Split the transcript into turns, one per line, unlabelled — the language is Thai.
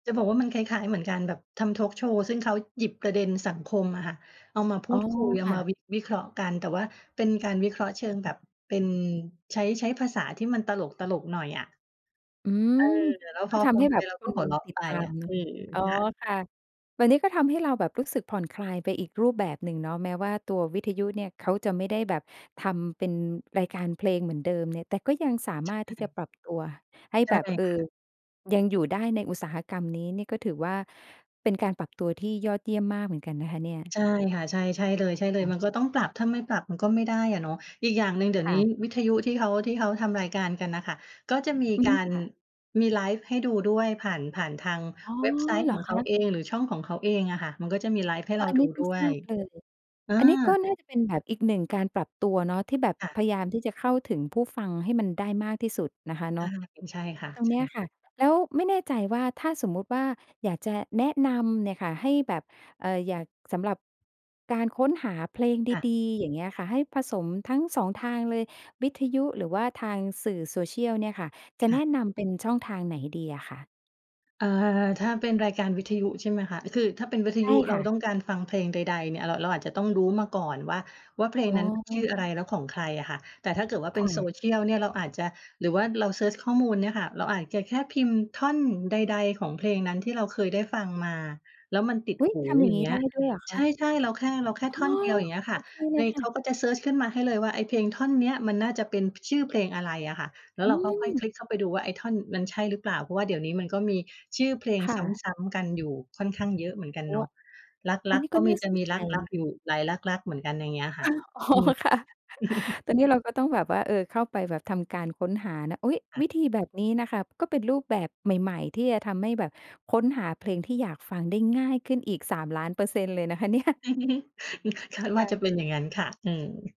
จะบอกว่ามันคล้าย ๆ เหมือนกันแบบทำทอล์กโชว์ ซึ่งเขาหยิบประเด็นสังคมอะค่ะ เอามาพ
อ
ู
๋อ
ดคุยเอา
ค่
มา
ะ
วิ วิเคราะห์กัน แต่ว่าเป็นการวิเคราะห์เชิงแบบเป็น ใช้ ใช้ภาษาที่มันตลก ๆ หน่อยอะ
อื
เอ
ม
อ เนี่ยแล้ว
ก
พ
็
อ
ท
ฟ
ำ
ั
ใ
ง
ห้
ไป
แบบ
เรา
ค
ก็
น
หัวเราะ
ติ
ไ
ด
ป
ตา
อ
ม
ะ เอ่อ
อ๋อ
ค่ะ
ค่ะ วันนี้ก็ทำให้เราแบบรู้สึกผ่อนคลายไปอีกรูปแบบหนึ่งเนาะ แม้ว่าตัววิทยุเนี่ยเขาจะไม่ได้แบบทำเป็นรายการเพลงเหมือนเดิมเนี่ย แต่ก็ยังสา
ใช
มารถที่จะ
่
ปรับตัวให้
ใช
แ
่
บบ เอ่อ
ค่ะ
ยังอยู่ได้ในอุตสาหกรรมนี้ นี่ก็ถือว่า เป็นการปรับตัวที่ยอดเยี่ยมมากเหมือนกันนะคะเนี่ย
ใช่ค่ะ ใช่ ใช่เลย ใช่เล
ค
ย
่ะ
มันก็ต้องปรับ ถ้าไม่ปรับมันก็ไม่ได้อะเนาะ อีกอย่างหนึ่งเดี๋ย
ค
ว
่
นี้
ะ
วิทยุที่เขา ที่เขาทำรายการกันน่ะค่ะ ก็จะมี
อื
กา
ม
ร
ค่ะ
มีไลฟ์ให้ดูด้วยผ่าน ผ่านทาง
อ๋อ
เว็บไซต
เ
์
หร
ข
อ
องเ
ค
ขา
ะ?
เอง หรือช่องของเขาเองอะค่ะ มันก็จะมีไลฟ์ ให้
เอ
เ
อ
รา
อัน
ดู
นี้เพิ่
ด้
ง
ว
ทร
ย
าบเลย
เออ
อันนี้ก็น่าจะเป็นแบบอีกหนึ่งการปรับตัวเนาะ ที่แบบ
ค่ะ
พยายามที่จะเข้าถึงผู้ฟังให้มันได้มากที่สุดนะคะเ
อ
นา
า
ะ
อืม ใช่ค่ะ
ตรง
ใช
เนี้ย
่
ค่ะ แล้วไม่แน่ใจว่า ถ้าสมมุติว่าอยากจะแนะนำเนี่ยค่ะ ให้แบบ เอ่อ อยาก สำหรับการค้นหาเพลง
ค่
ด
ะ
ี ๆ อย่างเงี้ยค่ะ ให้ผสมทั้ง 2 ทางเลย วิทยุหรือว่าทางสื่อโซเชียลเนี่ยค่ะ จะ
ค
แ
่
น
ะ
ะนำเป็นช่องทางไหนดีอะคะ?
เอ่อ ถ้าเป็นรายการวิทยุ ใช่ไหมคะ? อ คือถ้าเป็นวิท
ใช
ยุ
่
เร
ค
า
่
ต
ะ
้องการฟังเพลงใด ๆ เนี่ย เรา เราอาจจะต้องรู้มาก่อนว่า ว่าเพล
อ
ง
๋อ
นั้นชื่ออะไร แล้วของใครอะค่ะ? แต่ถ้าเกิดว่าเ
ค
ป็น
่
โซ
ะ
เชียลเนี่ย เราอาจจะ หรือว่าเราเซิร์ชข้อมูลเนี่ยค่ะ เราอาจจะแค่พิมพ์ท่อนใด ๆ ของเพลงนั้นที่เราเคยได้ฟังมา แล้วมันติด
อุ๊ย!
หู
ทำอย่
อ
า
ย่
ง
า
งี
ง
้
เงี
ไ
้
ด
ย
้ด้วยเหรอ
ใ
ค
ช
ะ?
่ ๆ เราแค่ เราแค่ท
อ
่
๋
อน
อ!
เดียว อย่างเงี้ย
โ
ค
อ
่ะ
เคเล
ไง
ยค
เ
่
ขา
ะ
ก็จะเซิร์ชขึ้นมาให้เลยว่า ไอ้เพลงท่อนนี้อะมันน่าจะเป็น ช ชื่อเพลงอะไรอะค่ะ แล้ว
อ
เ
ื
ราค่อย ๆ ค
ม
ลิกเข้าไปดูว่า ไอ้ท่อน มันใช่หรือเปล่า? เพราะว่าเดี๋ยวนี้มันก็มีชื่อเพลง
ค่
ซ
ะ
้ำ ๆ กันอยู่ค่อนข้างเยอะเหมือนกัน
โอ
เ
้
นาะ
อ
ร
ั
ั
น
ก
นี้
ๆ ก
ก
็
็น
มี
่า
จ
ส
ะ
น
มี
ใจ
รัก
น
ๆ อยู
ะ
่หลายรัก ๆ เหมือนกัน อย่างเงี้ยค่
ฮ
ะ
ะ อ๋อ
อืม
ค่ะ ตอนนี้เราก็ต้องแบบว่า เอ่อ เข้าไปแบบทำการค้นหานะ อุ๊ย!
ค่ะ
วิธีแบบนี้น่ะค่ะ ก็เป็นรูปแบบใหม่ ๆ ที่จะทำให้แบบค้นหาเพลงที่อยากฟังได้ง่ายขึ้นอีก 3,000,000% เลยนะคะ เนี่ย
คาด
ค
ว่
่
าจะ
ะ
เป็นอย่างงั้นค่ะ อืม